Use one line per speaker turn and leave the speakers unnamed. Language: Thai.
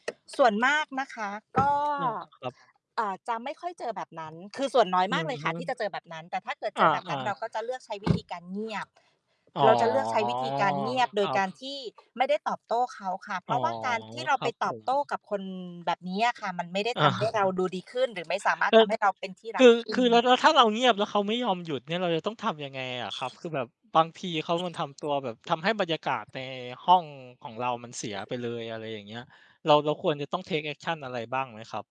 ส่วนมากนะคะ ก็
อา ครับ
เอ่อ จะไม่ค่อยเจอแบบนั้น คือส่วนน้อย
อ
ม
ื
าก
อ
เลย
ฮ
ค่
ึ
ะ ที่จะเจอแบบนั้น แต่ถ้าเกิดเ
อ
จอแบบนั้
า
น เร
ๆ
าก็จะเลือกใช้ วิธีการ เงียบ
อ๋อ
เราจะเลือกใช้วิธีการเงียบ โด
คร
ย
ั
ก
บ
ารที่ไม่ได้ตอบโต้เขาค่ะ เพ
อ๋
ร
อ
าะว่าการที่เรา
คร
ไป
ับ
ต
ผ
อบโต้
ม
กับคนแบบนี้อะค่ะ มันไม่ได้
อ
ทำให้
า
เรา ดูดีขึ้น หรือไม่สามารถ
ก็
ท
จะ
ำให้เราเป็นที่ร
ค
ัก
ือ
ขึ้
ค
น
ือเร
ค
า
่ะ
แล้วถ้าเราเงียบ แล้วเขาไม่ยอมหยุดเนี่ย เราจะต้องทำยังไงอะครับ? คือแบบบางที เขามันทำตัวแบบทำให้บรรยากาศในห้องของเรา มันเสียไปเลย อะไรอย่างเงี้ย เรา เราควรจะต้อง take action อะไรบ้างไหมครับ?